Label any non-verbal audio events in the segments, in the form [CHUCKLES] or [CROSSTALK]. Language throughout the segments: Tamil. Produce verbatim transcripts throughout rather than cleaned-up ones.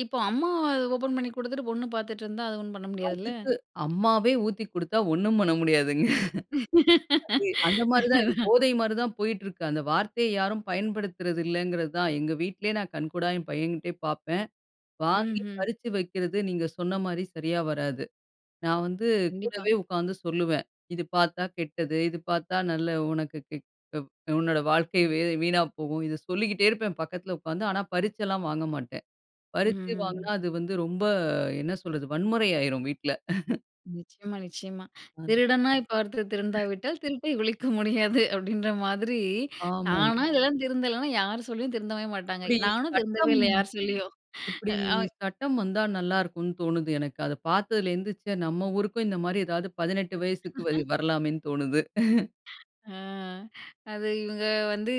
இப்போ, அம்மா ஓப்பன் பண்ணி குடுத்துட்டு பொண்ணு பார்த்துட்டு இருந்தா, அது ஒண்ணும் பண்ண முடியாதுல்ல. அதுக்கு அம்மாவே ஊத்தி குடுத்தா ஒண்ணும் பண்ண [CHUCKLES] முடியாதுங்க. அது, அந்த மாதிரி தான் இது. [LAUGHS] போதை மாரி தான் போயிட்டு இருக்கு. அந்த வார்த்தைய யாரும் பயன்படுத்துறது இல்லைங்கிறது தான். எங்க வீட்டிலயே நான் கண்கூடா என் பையன்கிட்டயே பார்ப்பேன். வாங்கி ம்ஹ்ம். பறித்து வைக்கிறது, நீங்க சொன்ன மாதிரி சரியாக வராது. நான் வந்து கண்டிப்பா. கூடவே உட்காந்து சொல்லுவேன். இது பார்த்தா கெட்டது. இது பார்த்தா, நல்ல உனக்கு க் உ உன்னோட வாழ்க்கை வி வீணா போகும். இதை சொல்லிக்கிட்டே இருப்பேன், பக்கத்தில உட்காந்து. ஆனா, பறிச்செல்லாம் வாங்க மாட்டேன். ம்ஹ்ம். பறித்து ம். வாங்குனா அது வந்து ரொம்ப என்ன சொல்றது? வன்முறை ஆகிரும், வீட்ல. [CHUCKLES] நிச்சயமா, நிச்சயமா. ஆ. 'திருடனாய் பார்த்து திருந்தா விட்டால் [LAUGHS] திருப்பை ஒழிக்க முடியாது' அப்டின்ற மாதிரி, ஆமா. தானா இதெல்லாம் திருந்தலனா, யாரு சொல்லியும் திருந்தவே மாட்டாங்க. இப்பிடி நானும் திருந்தவே சட்டம் இல்லை, யார் சொல்லியும். இப்பிடி ஆ சட்டம் வந்தா நல்லா இருக்கும்னு தோணுது எனக்கு. அதை பார்த்ததுல இருந்து, நம்ம ஊருக்கும் இந்த மாரி ஏதாவது பதினெட்டு வயசுக்கு [LAUGHS] வரலாமே என்று தோணுது. [CHUCKLES] ஆ. அது இவங்க வந்து,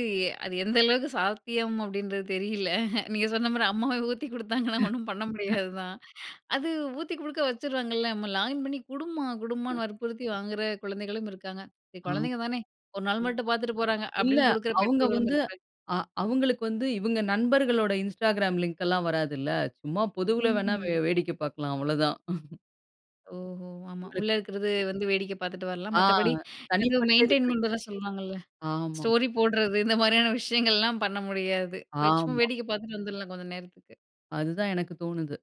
அது எந்த அளவுக்கு சாத்தியம் அப்பிடீன்றது தெரியல நீங்க சொன்ன மாதிரி அம்மாவே ஊத்தி குடுத்தாங்கன்னா ஒண்ணும் பண்ண [UNINTELLIGIBLE] முடியாது தான். அது ஊத்தி குடுக்க வச்சுருவாங்கல்ல. "அம்மா லாகின் பண்ணி குடும்மா" அ. குடும்மான்னு வற்புறுத்தி வாங்கிற குழந்தைகளும் இருக்காங்க. சரி, ஆ. குழந்தைங்க தானே ஒரு நாள் அ மட்டும் பார்த்துட்டு போறாங்க. இல்ல, அப்பிடின்னு குடுக்குற அவுங்க பெற்றோர்களும் வந்து, இருக்காங்க. ஆ அவுங்களுக்கு வந்து இவுங்க நண்பர்களோட Instagram லிங்க் எல்லாம் வராதுல்ல. சும்மா பொதுவில ம். வேணுனா ம்ஹ்ம். வேடிக்கை பார்க்கலாம். அவ்வளதான். [CHUCKLES] ஓஹோ. ஆமா. உங்களுக்கு உள்ள இருக்கிறது வந்து வேடிக்கை பார்த்துட்டு வரலாம். ஆ. மற்றபடி எதுவும் தனிப்பட்ட இது மெயின்டெயின் கிடைக்கும். பண்றதான் சொல்லுவாங்கல்ல. ஆமா. ஸ்டோரி போடுறது. இந்த மாதிரியான விஷயங்கள்லாம் பண்ண முடியாது. போய் சும்மா ஆமா. வேடிக்கை பார்த்துட்டு வந்துடலாம், கொஞ்சம் நேரத்துக்கு. அதுதான் எனக்கு தோணுது.